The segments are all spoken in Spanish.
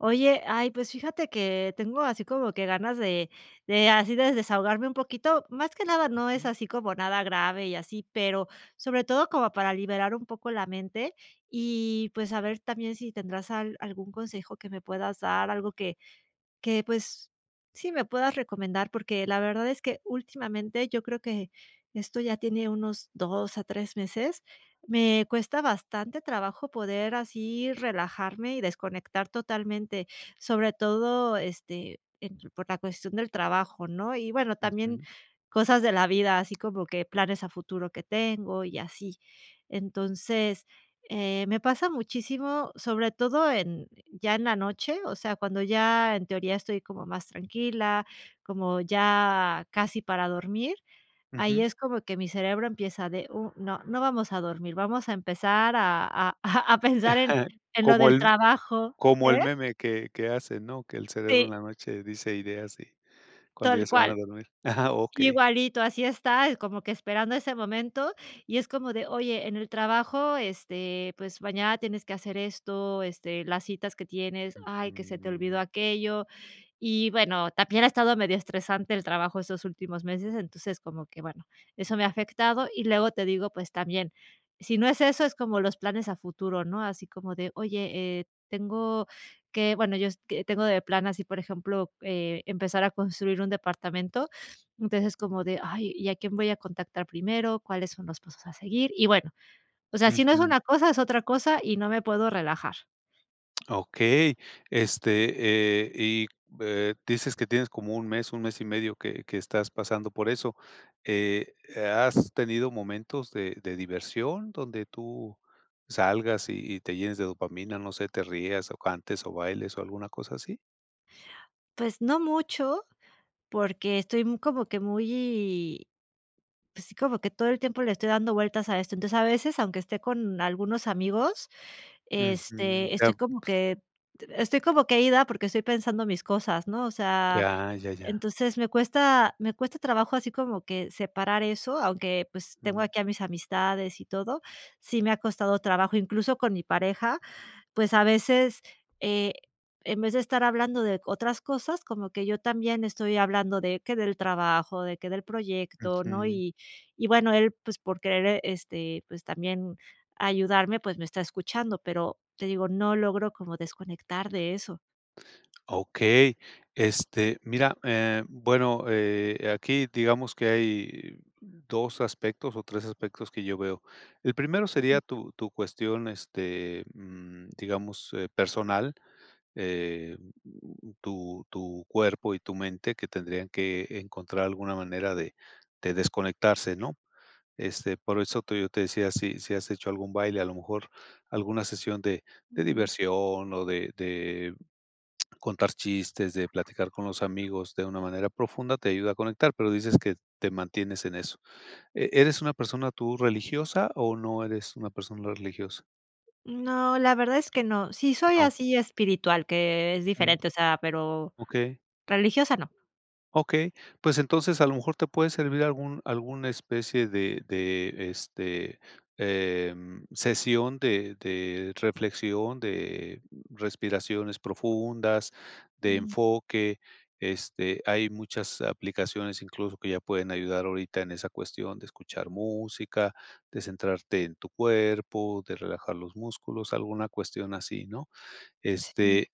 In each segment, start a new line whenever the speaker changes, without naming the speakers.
Oye, ay, pues fíjate que tengo así como que ganas de de así de desahogarme un poquito. Más que nada no es
Ujú.
así como nada grave y así, pero sobre todo como para liberar un poco la mente y, pues, a ver también si tendrás al algún consejo que me puedas dar, algo que que, pues, sí, me puedas recomendar, porque la verdad es que últimamente, yo creo que esto ya tiene unos 2 a 3 meses, me cuesta bastante trabajo poder así relajarme y desconectar totalmente, sobre todo, este, entre por la cuestión del trabajo, ¿no? Y bueno, también
[unintelligible]
cosas de la vida, así como que planes a futuro que tengo y así. Entonces, eh, me pasa muchísimo, sobre todo en ya en la noche. O sea, cuando ya, en teoría, estoy como más tranquila, como ya casi para dormir, ahí
Ujú.
es como que mi cerebro empieza de: "Uh, no, no vamos a dormir, vamos a empezar a a a a pensar en en lo
Como el
del
m
trabajo".
como el
¿Eh?
meme que que hace, ¿no? Que el cerebro en
Sí.
la noche dice ideas y cuando ya
Tal
se van
cual.
a dormir ajá, okey.
Igualito, así está, eh, como que esperando ese momento y es como de: "Oye, en el trabajo, este, pues, mañana tienes que hacer esto, este, las citas que tienes. Ay, que se te olvidó
Ujú.
aquello". Y bueno, también ha estado medio estresante el trabajo estos últimos meses, entonces, como que, bueno, eso me ha afectado, y luego te digo, pues, también, si no es eso, es como los planes a futuro, ¿no? Así como de: "Oye, eh, tengo que". Bueno, yo, es que, tengo de plan así, por ejemplo, eh, empezar a construir un departamento, entonces es como de: "Ay, ¿y a quién voy a contactar primero? ¿Cuáles son los pasos a seguir?". Y bueno, o sea, si no es
Ujú.
una cosa, es otra cosa y no me puedo relajar.
Okey, este, eh, y, eh, dices que tienes como 1 mes, 1 mes y medio que que estás pasando por eso. Eh, ¿has tenido momentos de de diversión donde tú salgas y y te llenes de dopamina? No sé, te rías o cantes o bailes o alguna cosa así?
Pues, no mucho porque estoy como que muy, pues, sí, como que todo el tiempo le estoy dando vueltas a esto. Entonces, a veces, aunque esté con algunos amigos,
Ujú.
este, estoy como
[unintelligible]
que estoy como que ida porque estoy pensando mis cosas, ¿no? O sea,
Ya, ya, ya.
entonces me cuesta me cuesta trabajo así como que separar eso, aunque, pues, tengo
Mmm.
aquí a mis amistades y todo, sí me ha costado trabajo, incluso con mi pareja, pues, a veces, eh, en vez de estar hablando de otras cosas, como que yo también estoy hablando de que del trabajo, de que del proyecto, ¿no?
Ujú.
Y y bueno, él, pues, por querer. este, pues, también ayudarme, pues, me está escuchando. Pero te digo, no logro como desconectar de eso.
Okey. Este, mira, eh, bueno, eh, aquí digamos que hay 2 aspectos o 3 aspectos que yo veo. El primero sería tu tu cuestión, este, mm, digamos, eh, personal, eh, tu tu cuerpo y tu mente que tendrían que encontrar alguna manera de de desconectarse, ¿no? Este, por eso te yo te decía si si has hecho algún baile, a lo mejor alguna sesión de de diversión o de de contar chistes, de platicar con los amigos de una manera profunda, te ayuda a conectar. Pero dices que te mantienes en eso. ¿E eres una persona tú religiosa o no eres una persona religiosa?
No, la verdad es que no. Sí soy
No.
así espiritual, que es
Ujú.
diferente, o sea, pero
Okey.
pero religiosa no.
Okey. Pues, entonces, a lo mejor te puede servir algún alguna especie de de, este, eh, sesión de de reflexión, de respiraciones profundas, de
Mm.
enfoque, este, hay muchas aplicaciones incluso que ya pueden ayudar ahorita en esa cuestión de escuchar música, de centrarte en tu cuerpo, de relajar los músculos, alguna cuestión así, ¿no?
Sí.
Este,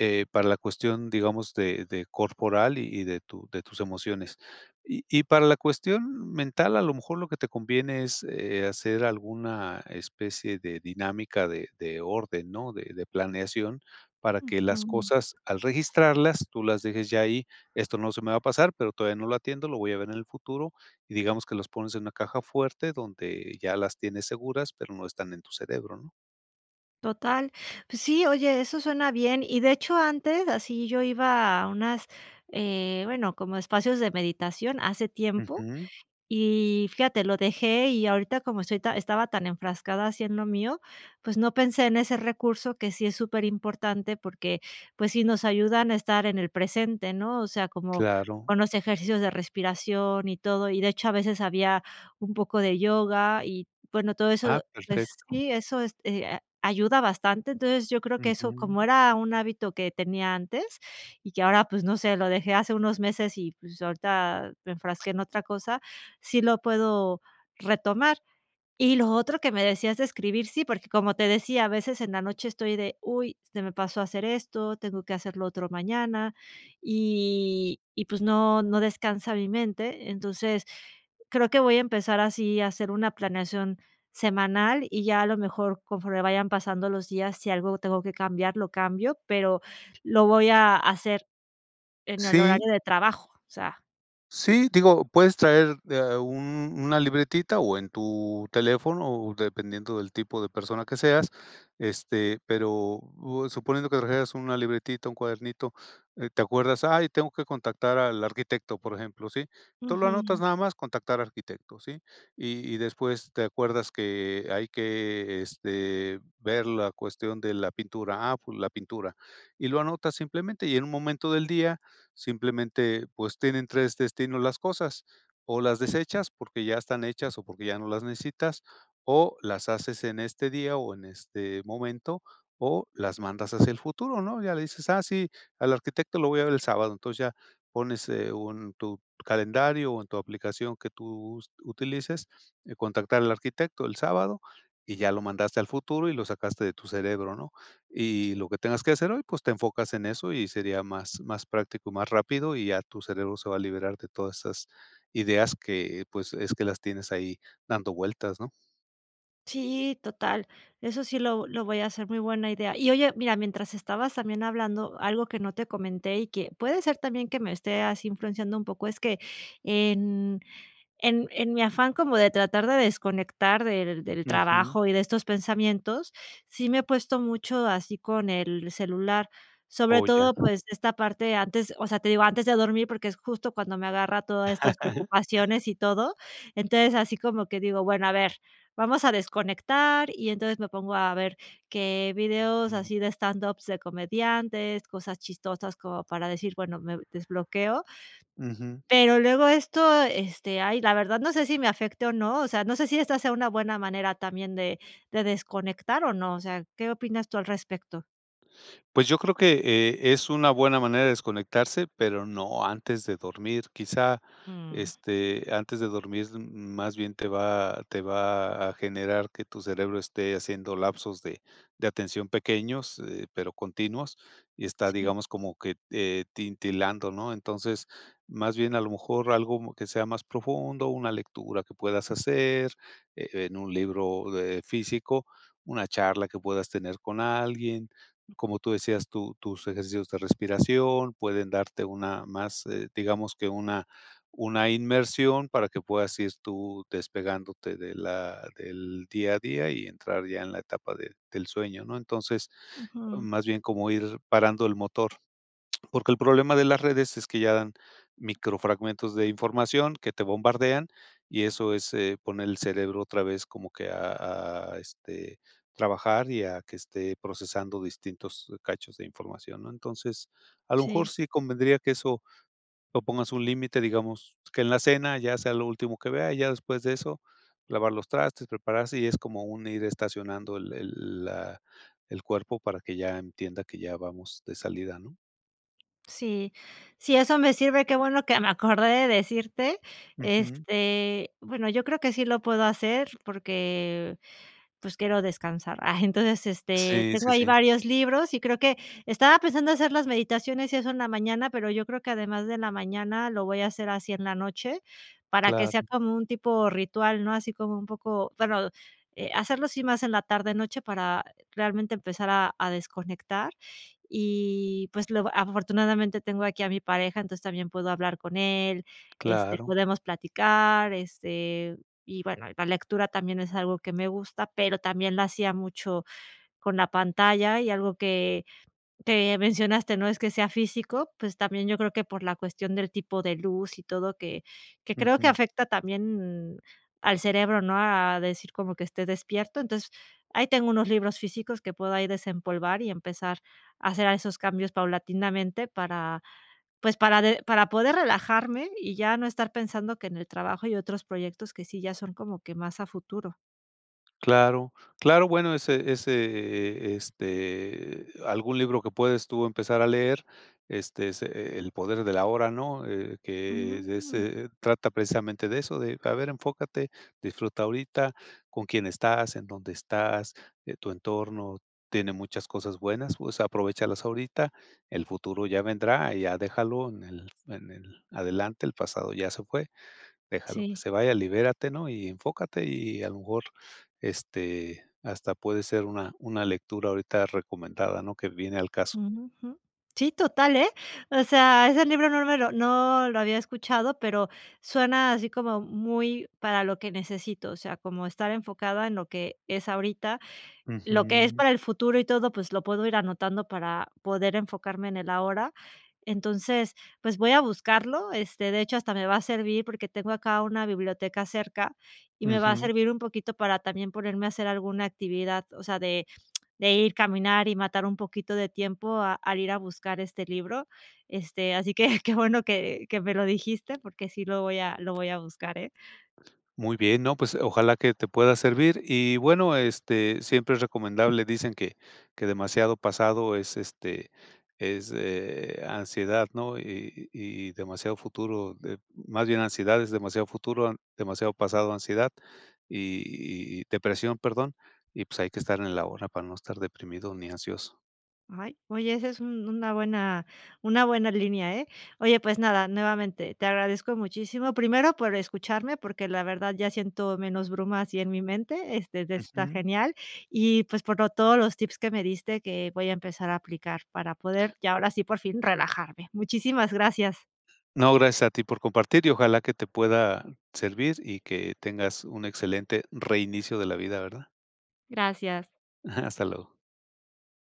eh, para la cuestión, digamos, de de corporal y de tu de tus emociones. Y y para la cuestión mental, a lo mejor lo que te conviene es, eh, hacer alguna especie de dinámica de de orden, ¿no? De de planeación, para que
Ujú.
las cosas, al registrarlas, tú las dejes ya ahí, esto no se me va a pasar, pero todavía no lo atiendo, lo voy a ver en el futuro y digamos que los pones en una caja fuerte donde ya las tienes seguras, pero no están en tu cerebro, ¿no?
Total. Pues sí, oye, eso suena bien. Y de hecho, antes así yo iba a unas, eh, bueno, como espacios de meditación hace tiempo
Ujú.
y fíjate, lo dejé y ahorita como estoy ta estaba tan enfrascada así en lo mío, pues, no pensé en ese recurso que sí es superimportante porque, pues, sí, nos ayudan a estar en el presente, ¿no? O sea, como
Claro.
con los ejercicios de respiración y todo. Y de hecho, a veces había un poco de yoga y, bueno, todo
Ah,
eso, pues,
perfecto.
sí, eso este a ayuda bastante. Entonces, yo creo que eso, como
Ujú.
era un hábito que tenía antes y que ahora, pues, no sé, lo dejé hace unos meses y, pues, ahorita me enfrasqué en otra cosa, sí lo puedo retomar. Y lo otro que me decías de escribir, sí, porque como te decía, a veces en la noche estoy de: "Uy, se me pasó hacer esto, tengo que hacer lo otro mañana", y y, pues, no, no descansa mi mente. Entonces creo que voy a empezar así a hacer una planeación semanal y ya a lo mejor conforme vayan pasando los días, si algo tengo que cambiar, lo cambio, pero lo voy a hacer en el
Sí.
horario de trabajo, o sea
Sí, digo, puedes traer, de eh, un una libretita o en tu teléfono o dependiendo del tipo de persona que seas, este, pero o suponiendo que trajeras una libretita, un cuadernito, eh, te acuerdas: "Ay, tengo que contactar al arquitecto", por ejemplo, ¿sí? Tú lo anotas
Ujú.
nada más: "Contactar arquitecto", ¿sí? Y y después te acuerdas que hay que, este, ver la cuestión de la pintura: "Ah, pues la pintura", y lo anotas simplemente, y en un momento del día simplemente, pues, tienen 3 destinos las cosas, o las desechas porque ya están hechas o porque ya no las necesitas, o las haces en este día o en este momento, o las mandas hacia el futuro, ¿no? Ya le dices: "Ah, sí, al arquitecto lo voy a ver el sábado", entonces ya pones, eh, un tu calendario o en tu aplicación que tú us utilices, eh: "Contactar al arquitecto el sábado", y ya lo mandaste al futuro y lo sacaste de tu cerebro, ¿no? Y lo que tengas que hacer hoy, pues, te enfocas en eso y sería más, más práctico y más rápido, y ya tu cerebro se va a liberar de todas esas ideas que, pues, es que las tienes ahí dando vueltas, ¿no?
Sí, total. Eso sí lo lo voy a hacer, muy buena idea. Y oye, mira, mientras estabas también hablando, algo que no te comenté y que puede ser también que me esté así influenciando un poco, es que en en en mi afán como de tratar de desconectar del del
Ujú.
trabajo y de estos pensamientos, sí me he puesto mucho así con el celular, sobre
Oh, ya.
todo, pues esta parte antes, o sea, te digo, antes de dormir, porque es justo cuando me agarra todas estas preocupaciones y todo. Entonces, así como que digo: "Bueno, a ver, vamos a desconectar", y entonces me pongo a ver qué videos así de stand ups, de comediantes, cosas chistosas como para decir: "Bueno, me desbloqueo"
Ujú.
pero luego esto, este, ay, la verdad, no sé si, me afecte o no, o sea, no sé si, esta sea una buena manera también de de desconectar, ¿o no?, o sea, ¿qué opinas tú al respecto?
Pues, yo creo que, eh, es una buena manera de desconectarse, pero no antes de dormir. Quizá,
Mm.
este, antes de dormir, más bien te va te va a generar que tu cerebro esté haciendo lapsos de de atención pequeños, eh, pero continuos, y está,
Sí.
digamos, como que, eh, titilando ¿no?, entonces, más bien a lo mejor algo que sea más profundo, una lectura que puedas hacer e en un libro, eh, físico, una charla que puedas tener con alguien, como tú decías tu tus ejercicios de respiración pueden darte una más, eh, digamos que una una inmersión para que puedas ir tú despegándote de la del día a día y entrar ya en la etapa de del sueño, ¿no?, entonces,
Ujú.
más bien como ir parando el motor, porque el problema de las redes es que ya dan micro fragmentos de información que te bombardean y eso es, eh, poner el cerebro otra vez como que a a, este, trabajar y a que esté procesando distintos cachos de información, ¿no?, entonces, a lo mejor
Sí.
sí convendría que eso lo pongas un límite, digamos, que en la cena ya sea lo último que vea, ya después de eso lavar los trastes, prepararse y es como un ir estacionando el el la el cuerpo para que ya entienda que ya vamos de salida, ¿no?
Sí, sí, eso me sirve, qué bueno que me acordé de decirte,
Ujú.
este, bueno, yo creo que sí lo puedo hacer porque, pues, quiero descansar. Ah, entonces, este,
Sí,
tengo
sí,
ahí
sí.
varios libros y creo que estaba pensando hacer las meditaciones y eso en la mañana, pero yo creo que además de la mañana lo voy a hacer así en la noche, para que sea
Claro.
como un tipo ritual, ¿no?, así como un poco, bueno, eh, hacerlo así más en la tarde-noche para realmente empezar a a desconectar. Y pues, lo afortunadamente tengo aquí a mi pareja, entonces, también puedo hablar con él, este
Claro.
podemos platicar este, y bueno, la lectura también es algo que me gusta, pero también lo hacía mucho con la pantalla y algo que que mencionaste, no es que sea físico, pues también yo creo que por la cuestión del tipo de luz y todo que que creo que
Ujú.
afecta también al cerebro, ¿no?, a decir como que esté despierto. Entonces, ahí tengo unos libros físicos que puedo ahí desempolvar y empezar a hacer a esos cambios paulatinamente, para pues de para poder relajarme y ya no estar pensando que en el trabajo hay otros proyectos que sí ya son como que más a futuro.
Claro claro, bueno, ese ese, eh, este, eh, algún libro que puedes tú empezar a leer, este, es, eh, El poder del ahora, ¿no?, eh, que es de
Mm.
ese eh, trata precisamente de eso, de a ver enfócate, disfruta ahorita con quién estás, en dónde estás, eh, tu entorno tiene muchas cosas buenas, pues aprovéchalas ahorita, el futuro ya vendrá, ya déjalo en el en el adelante, el pasado ya se fue, déjalo que
Sí.
se vaya, libérate, ¿no?, y enfócate y a lo mejor este hasta puede ser una una lectura ahorita recomendada, ¿no?, que viene al caso.
Ujú, jum, sí, total, eh, o sea, ese libro no me lo no lo había escuchado, pero suena así como muy para lo que necesito, o sea, como estar enfocada en lo que es ahorita, lo que es
Ujú.
para el futuro y todo, pues lo puedo ir anotando para poder enfocarme en el ahora. Entonces, pues voy a buscarlo. Este, de hecho, hasta me va a servir porque tengo acá una biblioteca cerca y me va a
Ujú.
servir un poquito para también ponerme a hacer alguna actividad, o sea, de de ir caminar y matar un poquito de tiempo a al ir a buscar este libro. Este, así que qué bueno que que me lo dijiste, porque sí lo voy a lo voy a buscar, eh.
Muy bien, no, pues ojalá que te pueda servir y bueno, este, siempre es recomendable, dicen que que demasiado pasado es, este, es, eh, ansiedad ¿no?, y y y demasiado futuro de más bien ansiedad es demasiado futuro, demasiado pasado, ansiedad y y depresión, perdón, y pues hay que estar en el ahora para no estar deprimido ni ansioso.
Ay, oye, ese es un una buena una buena línea, eh. Oye, pues nada, nuevamente te agradezco muchísimo, primero por escucharme, porque la verdad ya siento menos brumas y en mi mente, este, de está
Ujú.
genial y, pues, por todos los tips que me diste que voy a empezar a aplicar para poder, ya ahora sí, por fin relajarme. Muchísimas gracias.
No, gracias a ti por compartir y ojalá que te pueda servir y que tengas un excelente reinicio de la vida, ¿verdad?
Gracias.
Ajá, hasta luego.